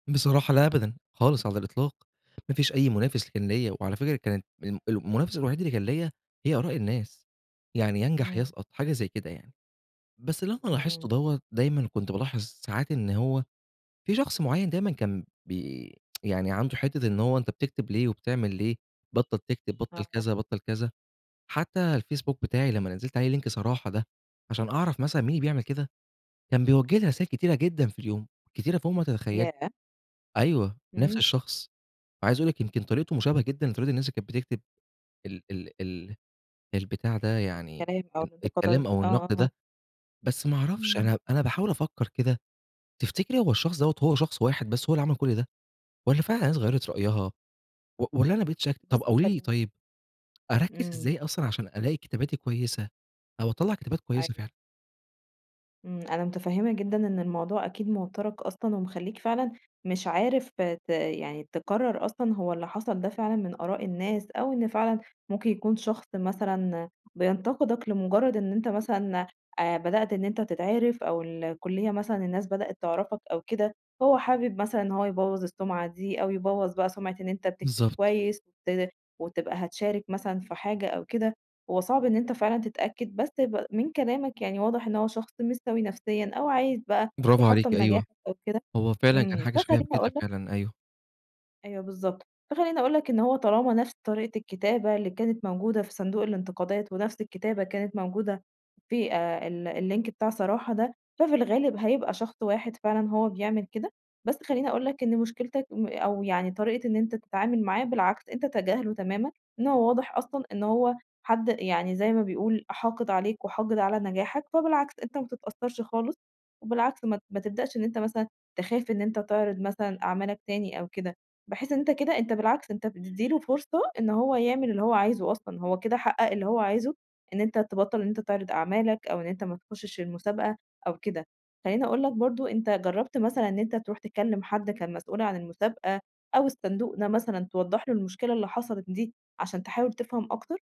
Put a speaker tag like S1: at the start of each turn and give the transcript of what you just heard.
S1: بصراحة لا أبدا، خالص على الإطلاق، ما فيش أي منافس كان ليّا، وعلى فكرة كانت ال المنافس الوحيد اللي كان ليّا هي آراء الناس، يعني يا انجح يا
S2: إمم.
S1: اسقط حاجة زي كده يعني، بس اللي أنا
S2: إمم،
S1: لاحظته
S2: إمم.
S1: دوّة، دايمًا كنت بالاحظ ساعات إن هو، في شخص معيّن دايمًا كان بي يعني عنده حتّة إن هو أنت بتكتب ليه، وبتعمل ليه؟ بطّل تكتب، بطّل
S2: آه.
S1: كذا، بطّل كذا، حتّى الفيسبوك بتاعي لمّا نزِّلت عليه Link صراحة ده، عشان أعرف مثلًا مين اللي بيعمل كده، كان بيوجه لي رسايل كتيرة جدًا في اليوم، كتيرة فوق ما تتخيّلي،
S2: ياه!
S1: أيوه نفْس
S2: إمم.
S1: الشخص، عايز أقول لِك يمكن طريقته مشابهة جدًا لطريقة الناس اللي كانت بتكتب ال ال ال البتاع ده يعني،
S2: الكلام أو
S1: ال الكلام
S2: الانتقادات،
S1: أو
S2: آه،
S1: النقد ده،
S2: آه.
S1: بس ما أعرفش
S2: إمم.
S1: أنا أنا باحاول أفكّر كده، تفتكري هو الشخص دوّة هو شخص واحد بس هو اللي عمل كلّ ده؟ والّا فعلًا الناس غيّرت رأيها، و والّا أنا بقيت شاكك طب
S2: بُصّ
S1: قولي لي
S2: خلّي
S1: طيب، أركّز
S2: إمم.
S1: إزاي أصلًا عشان ألاقي كتاباتي كويسة، أو أطلّع كتابات كويسة
S2: أيوه.
S1: فعلًا؟
S2: إمم، أنا متفهمة جدًا إن الموضوع أكيد موتّرك أصلًا ومخلّيك فعلًا مش عارف ت يعني تقرر أصلًا هو اللي حصل ده فعلًا من آراء الناس، أو إن فعلًا ممكن يكون شخص مثلًا، بينتقدك لمجرّد إن أنت مثلًا آآ، بدأت إن أنت تتعرِف أو الكلية مثلًا الناس بدأت تعرفك أو كده، هو حابب مثلًا هو يبوَّظ السمعة دي، أو يبوَّظ بقى سمعة إن أنت بتكتب
S1: بالضبط.
S2: كويس، [unintelligible] وتبقى هتشارك مثلًا في حاجة أو كده، هو صعب إن أنت فعلًا تتأكد بس ب من كلامك يعني واضح إن هو شخص مش سوي نفسيًا، أو عايز بقى
S1: برافو عليكِ
S2: يحطّم
S1: أيوه،
S2: نجاحك أو كده،
S1: هو فعلًا كان
S2: إمم،
S1: حاجة شبيهة
S2: فخلّيني
S1: بكده
S2: أقول لك
S1: فعلًا، أيوه.
S2: أيوه بالضبط، فخلّيني أقول لك إن هو طالما نفْس طريقة الكتابة اللي كانت موجودة في صندوق الأنتقادات، ونفْس الكتابة كانت موجودة في ال الLink بتاع صراحة ده، ففي الغالب هيبقى شخص واحد فعلًا هو بيعمل كده، بس خلّيني أقول لك إن مشكلتك م أو يعني طريقة إن أنت تتعامل معاه، بالعكس أنت تجاهله تمامًا، إن هو واضح أصلًا إن هو حد يعني زي ما بيقول حاقد عليك وحاقد على نجاحك، فبالعكس أنت ما تتأثّرش خالص، وبالعكس ما ت ما تبدأش إن أنت مثلًا تخاف إن أنت تعرض مثلًا أعمالك تاني أو كده، بحيث إن أنت كده أنت بالعكس أنت بتدِّي له فرصة إن هو يعمل اللي هو عايزه أصلًا، هو كده حقق اللي هو عايزه، إن أنت تبطّل إن أنت تعرض أعمالك أو إن أنت ما تخشش المسابقة أو كده، خلّيني أقول لك برضه أنت جرّبت مثلًا إن أنت تروح تكلّم حد كان المسؤول عن المسابقة، أو الصندوق ده مثلًا توضح له المشكلة اللي حصلت دي، عشان تحاول تفهم أكتر؟